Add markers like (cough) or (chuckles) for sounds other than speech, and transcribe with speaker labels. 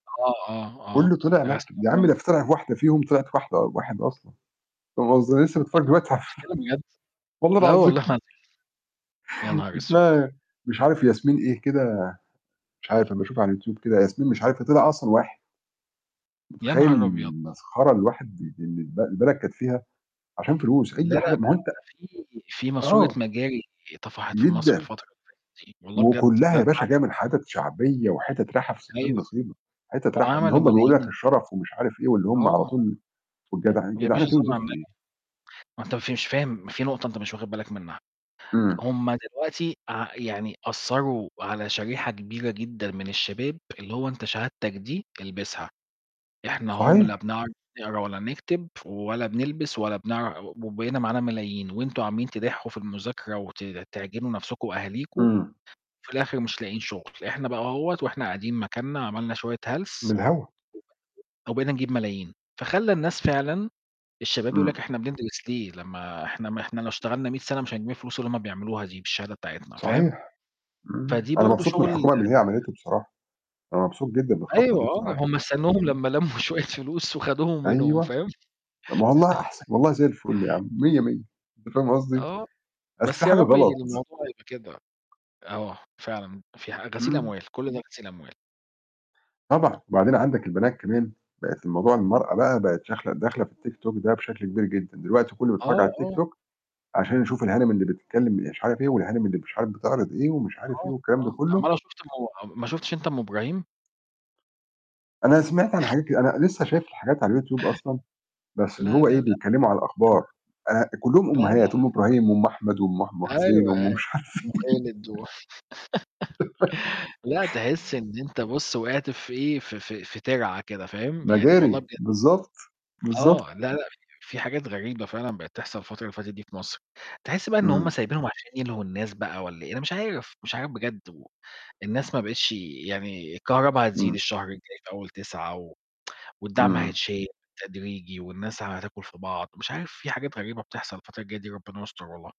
Speaker 1: آه، آه، آه،
Speaker 2: كُلُّه طلع نح
Speaker 1: غسيل
Speaker 2: يا عم
Speaker 1: أموال.
Speaker 2: ده ف طِلعِت واحدة فيهم طِلعِت واحدة أ واحد أصلًا، فاهم قصدي ما أنا لسة متفرّج
Speaker 1: (unintelligible) أنت
Speaker 2: دلوقتي على
Speaker 1: بتتكلم بجد!
Speaker 2: والله
Speaker 1: لا
Speaker 2: العظيم.
Speaker 1: والله العظيم، يا
Speaker 2: (chuckles)
Speaker 1: نهار أسود!
Speaker 2: اسمها مش عارف ياسمين إيه كده، مش عارف أمّا أشوفها على YouTube كده، ياسمين مش عارف إيه طِلِع أصلًا واحد.
Speaker 1: يا
Speaker 2: متخيّل
Speaker 1: نهار أبيض!
Speaker 2: المسخرة اللي الواحد اللي الب البلد كانت فيها، عشان فلوس،
Speaker 1: لا، لا،
Speaker 2: أي
Speaker 1: لأ،
Speaker 2: حاجة ما هو أنت
Speaker 1: ده فيه فيه ماسورة
Speaker 2: آه.
Speaker 1: مجاري طَفَحِت في مصر
Speaker 2: جدًا.
Speaker 1: الفترة اللي فاتت دي، والله بجد،
Speaker 2: وكُلّها
Speaker 1: ده
Speaker 2: يا
Speaker 1: اللي
Speaker 2: باشا جاية من
Speaker 1: (unintelligible)
Speaker 2: حِتَت شعبية، وحِتَت راحة في 60
Speaker 1: أيوه، أيوه،
Speaker 2: نصيبة، حِتَت راح اللي
Speaker 1: وعملوا
Speaker 2: هم بيقولوا لك
Speaker 1: ملايين.
Speaker 2: الشَرَف ومش عارف إيه، واللي هم على
Speaker 1: آه.
Speaker 2: طول والجدعنة،
Speaker 1: (unintelligible) يا
Speaker 2: جدعنة
Speaker 1: باشا،
Speaker 2: إيه
Speaker 1: صلِّ على
Speaker 2: وزفت
Speaker 1: النبي،
Speaker 2: إيه؟
Speaker 1: ما أنت أنت مش فاهم ما فيه نقطة أنت مش واخد بالك منها،
Speaker 2: امم.
Speaker 1: هم دلوقتي ع يعني أثّروا على شريحة كبيرة جدًا من الشباب، اللي هو أنت شهادتك دي البسها، إحنا أهو م لا
Speaker 2: صحيح.
Speaker 1: بنعرف نقرا ولا نكتب، ولا بنلبس ولا بنعر وبقينا معانا ملايين، وأنتم عمالين تدحُّوا في المذاكرة وت تعجنوا نفسكم وأهاليكم،
Speaker 2: امم.
Speaker 1: وفي الآخر مش لاقيين شغل، إحنا بقى أهوّة، وإحنا قاعدين مكاننا عملنا شوية
Speaker 2: من
Speaker 1: هلس
Speaker 2: الهوا.
Speaker 1: (unintelligible) وبقينا نجيب ملايين، فخلَّى الناس فعلًا، الشباب يقولوا لك
Speaker 2: امم.
Speaker 1: إحنا بندرس ليه؟ لمّا إحنا م إحنا لو اشتغلنا 100 سنة مش هنجيب الفلوس اللي هم بيعملوها دي بالشهادة بتاعتنا، فاهم؟
Speaker 2: صحيح، امم،
Speaker 1: فدي
Speaker 2: أنا
Speaker 1: برضه
Speaker 2: مبسوط من
Speaker 1: شغل
Speaker 2: الحكومة من اللي هي عَمَلتُه بصراحة، أنا مبسوط جدًا بالخطوة
Speaker 1: أيوه
Speaker 2: دي
Speaker 1: آه،
Speaker 2: بصراحة،
Speaker 1: هم استنوهم
Speaker 2: امم.
Speaker 1: لمّا لمّوا شوية فلوس وخدوهم منهم،
Speaker 2: أيوه،
Speaker 1: فاهم؟
Speaker 2: ما والله أحسن، والله زي الُفّل يا عم،
Speaker 1: (laughs)
Speaker 2: مِيَّة مِيَّة، أنت فاهم قصدي؟
Speaker 1: آه،
Speaker 2: أصل فيه
Speaker 1: بس يا
Speaker 2: حاجة
Speaker 1: رب
Speaker 2: غلط.
Speaker 1: الموضوع يبقى كده، آه، فعلًا، فيه غسيل
Speaker 2: امم.
Speaker 1: أموال، كُلّ ده غسيل أموال.
Speaker 2: طبعًا، وبعدين عندك البنات كمان، بقِت الموضوع المرأة بقى بقِت داخلة داخلة في ال TikTok ده بشكل كبير جدًا، دلوقتي كُلُّه بيتفرّج
Speaker 1: آه،
Speaker 2: على ال
Speaker 1: آه.
Speaker 2: TikTok عشان يشوف الهانم اللي بتتكلم مش عارف إيه، والهانم اللي مش عارف بتِعرِض إيه، ومش عارف إيه
Speaker 1: آه،
Speaker 2: والكلام ده
Speaker 1: آه،
Speaker 2: كُلُّه.
Speaker 1: أُمّال لو شُفت أم ما شفتش أنت أم إبراهيم؟
Speaker 2: أنا سِمِعت عن حاجات
Speaker 1: (chuckles)
Speaker 2: كد أنا لسة شايف الحاجات على ال YouTube أصلًا،
Speaker 1: (chuckles)
Speaker 2: بس اللي
Speaker 1: لا،
Speaker 2: هو إيه
Speaker 1: لا، لأ.
Speaker 2: بيتكلموا على
Speaker 1: (unintelligible)
Speaker 2: الأخبار، آآ، كُلُّهم
Speaker 1: لا، لأ
Speaker 2: أمهات، أم إبراهيم
Speaker 1: (unintelligible)
Speaker 2: وأم أحمد وأم ح أم حسين،
Speaker 1: أيوه،
Speaker 2: وأم مش
Speaker 1: أيوه،
Speaker 2: عارف
Speaker 1: أم خالد
Speaker 2: إيه
Speaker 1: و
Speaker 2: (laughs)
Speaker 1: (giggles) لأ تحس
Speaker 2: آه.
Speaker 1: إن أنت بُصّ وقعت في إيه، ف ف في تِرعة كده، فاهم؟ يعني والله
Speaker 2: مجاري،
Speaker 1: بجد.
Speaker 2: بالضبط، بالضبط.
Speaker 1: آه، لا، لأ، ف في حاجات غريبة فعلًا بقِت تحصل الفترة اللي فاتت دي في مصر، تحس بقى إن هم
Speaker 2: امم.
Speaker 1: سايبينهم عشان يلهوا الناس بقى والَّا إيه؟ أنا مش عارف، مش عارف بجد، والناس ما بقِتش يعني الكهربا هتزيد
Speaker 2: امم.
Speaker 1: الشهر الجاي في أول 9، و (tsk) والدعم
Speaker 2: امم.
Speaker 1: هيتشال تدريجي، والناس هتاكل في بعض، مش عارف، في حاجات غريبة بتحصل الفترة الجاية دي، ربنا يستر والله.